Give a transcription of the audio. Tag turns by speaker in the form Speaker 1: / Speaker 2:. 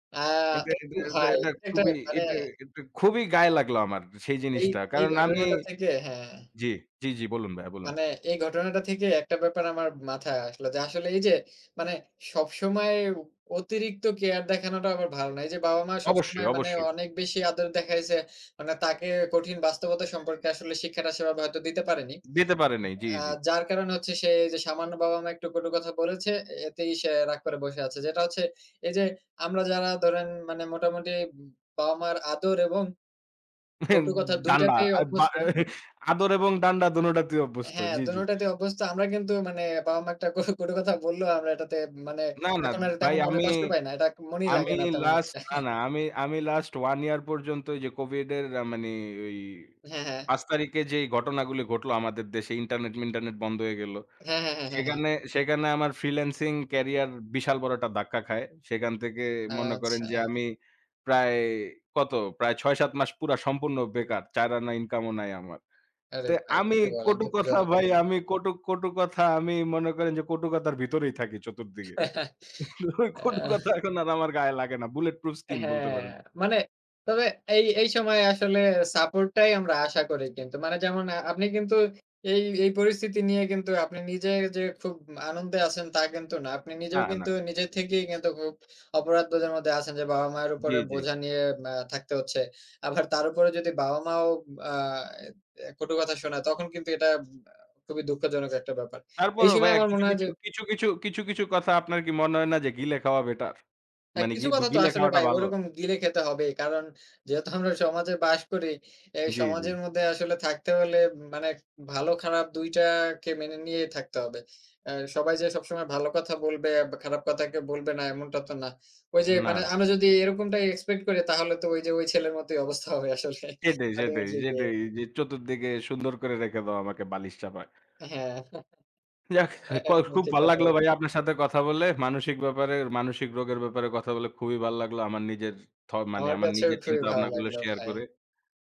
Speaker 1: আ
Speaker 2: এটা, এটা,
Speaker 1: একটু
Speaker 2: এটা,
Speaker 1: ভাই,
Speaker 2: এটা
Speaker 1: এটা
Speaker 2: খুবই,
Speaker 1: মানে
Speaker 2: এটা, এটা খুবই গায়ে লাগলো আমার সেই
Speaker 1: এই,
Speaker 2: জিনিসটা।
Speaker 1: এই
Speaker 2: কারণ আমি
Speaker 1: ঘটনাটা থেকে হ্যাঁ
Speaker 2: জি, জি, জি, বলুন ভাইয়া বলুন।
Speaker 1: মানে এই ঘটনাটা থেকে একটা ব্যাপার আমার মাথায় আসলো যে, আসলে, এই যে, মানে সব সময়ে উপ অতিরিক্ত কেয়ার দেখানোটা আবার ভালো না। এই যে, বাবা-মা
Speaker 2: অবশ্যই,
Speaker 1: সবসময় মানে
Speaker 2: অবশ্যই।
Speaker 1: অনেক বেশি আদর দেখাইছে, মানে তাকে কঠিন বাস্তবতা সম্পর্কে আসলে শিক্ষাটা সেই ভাবে হয়তো দিতে পারেনি।
Speaker 2: দিতে পারে নাই। জি,
Speaker 1: আ
Speaker 2: জি।
Speaker 1: যার কারণে হচ্ছে সে এই যে, সামান্য বাবা-মা একটু, কটু কথা বলেছে, এতেই সে রাগ করে বসে আছে। যেটা হচ্ছে এই যে, আমরা যারা ধরেন মানে মোটামুটি বাবা-মার আদর এবং কটু কথা ২
Speaker 2: ডান্ডা,
Speaker 1: টাতেই
Speaker 2: আ ব্য
Speaker 1: অভ্যস্ত
Speaker 2: আদর এবং ডান্ডা দোনোটাতেই অভ্যস্ত।
Speaker 1: হ্যাঁ,
Speaker 2: জি,
Speaker 1: ২
Speaker 2: জি।
Speaker 1: টোতেই অভ্যস্ত আমরা কিন্তু মানে বাবা-মা একটা কটু কথা বললেও আমরা এটাতে মানে
Speaker 2: না, না,
Speaker 1: এখন আর
Speaker 2: ভাই
Speaker 1: তেমন মনে
Speaker 2: আমি,
Speaker 1: কষ্ট পাই না। এটা মনেই
Speaker 2: আমি
Speaker 1: লাগে না তেমন
Speaker 2: last
Speaker 1: একটা।
Speaker 2: না, না আমি, আমি last one year পর্যন্ত এই যে, COVID এর মানে ঐ
Speaker 1: হ্যাঁ, হ্যাঁ।
Speaker 2: ৫ তারিখে যেই ঘটনাগুলি ঘটলো আমাদের দেশে, ইন্টারনেট-মিন্টারনেট বন্ধ হয়ে গেল।
Speaker 1: হ্যাঁ, হ্যাঁ, হ্যাঁ, হ্যাঁ, হ্যাঁ।
Speaker 2: সেখানে, সেখানে আমার freelancing career বিশাল বড় একটা ধাক্কা খায়। সেখান থেকে মনে করেন যে,
Speaker 1: আচ্ছা।
Speaker 2: আমি প্রায় কত? প্রায় ৬-৭ মাস পুরা সম্পূর্ণ বেকার। চাইর আনা ইনকাম ও নাই আমার।
Speaker 1: আরে
Speaker 2: তো
Speaker 1: ভাই
Speaker 2: আমি
Speaker 1: কি বলেন!
Speaker 2: কটু কথা
Speaker 1: দুঃখজনক তো।
Speaker 2: ভাই, আমি কটু কটু কথা আমি মনে করেন যে, কটু কথার ভিতরেই থাকি চতুর্দিকে। কটু কথা
Speaker 1: আহ।
Speaker 2: এখন আর আমার গায়ে লাগে না। bulletproof skin বলতে
Speaker 1: হ্যাঁ,
Speaker 2: পারেন।
Speaker 1: মানে তবে এই, এই সময়ে আসলে support টাই আমরা আশা করি কিন্তু। মানে যেমন আপনি কিন্তু এই, এই পরিস্থিতি নিয়ে কিন্তু আপনি নিজে যে, খুব আনন্দে আছেন তা কিন্তু না। আপনি
Speaker 2: না,
Speaker 1: নিজেও কিন্তু
Speaker 2: না।
Speaker 1: নিজে থেকেই কিন্তু খুব অপরাধবোধের মধ্যে আছেন যে, বাবা-মায়ের
Speaker 2: জি,
Speaker 1: উপরে
Speaker 2: জি।
Speaker 1: বোঝা নিয়ে ব্য থাকতে হচ্ছে। আবার তার উপরে যদি বাবা-মাও আ কটু কথা শোনায় তখন কিন্তু এটা খুবই দুঃখজনক একটা ব্যাপার। এই
Speaker 2: তারপরও
Speaker 1: সময়ে
Speaker 2: ভাইয়া
Speaker 1: আমার
Speaker 2: কিছু,
Speaker 1: মনে হয়
Speaker 2: কিছু,
Speaker 1: যে
Speaker 2: কিছু, কিছু, কিছু, কিছু কথা আপনার কি মনে হয় না যে, গিলে খাওয়া better?
Speaker 1: হ্যাঁ,
Speaker 2: মানে
Speaker 1: কিছু কথা তো
Speaker 2: গি-গিলে
Speaker 1: আসলে
Speaker 2: খাওয়াটা
Speaker 1: ভাই
Speaker 2: ভালো?
Speaker 1: ওরকম গিলে খেতে হবেই। কারণ যেহেতু আমরা সমাজে বাস করি, এই
Speaker 2: জি, জি।
Speaker 1: সমাজের মধ্যে আসলে থাকতে হলে মানে ভালো খারাপ ২ টাকে মেনে নিয়েই থাকতে হবে। আ সবাই যে, সবসময় ভালো কথা বলবে বা খারাপ কথা কেউ বলবে না এমনটা তো না। ঐ যে,
Speaker 2: না,
Speaker 1: মানে
Speaker 2: না।
Speaker 1: আমরা যদি এরকমটাই expect করি তাহলে তো ঐ যে, ঐ ছেলের মতোই অবস্থা হবে আসলে।
Speaker 2: সেটাই, সেটাই, সেটাই
Speaker 1: [unintelligible]
Speaker 2: যে, চতুর্দিকে সুন্দর করে রেখে দাও আমাকে বালিশ চাপা।
Speaker 1: হ্যাঁ।
Speaker 2: যাক
Speaker 1: এ
Speaker 2: কল
Speaker 1: একদম
Speaker 2: খুব
Speaker 1: ঠিক
Speaker 2: ভাল
Speaker 1: কথা
Speaker 2: লাগলো
Speaker 1: বলেছেন।
Speaker 2: ভাইয়া আপনার সাথে কথা বলে। মানসিক ব্যাপারে, মানসিক রোগের ব্যাপারে কথা বলে খুবই ভাল লাগলো আমার নিজের থ মানে
Speaker 1: আমার
Speaker 2: আমার
Speaker 1: কাছেও
Speaker 2: নিজের
Speaker 1: খুবই ভালো
Speaker 2: চিন্তাভাবনা গুলো
Speaker 1: লাগলো
Speaker 2: share
Speaker 1: ভাই।
Speaker 2: করে।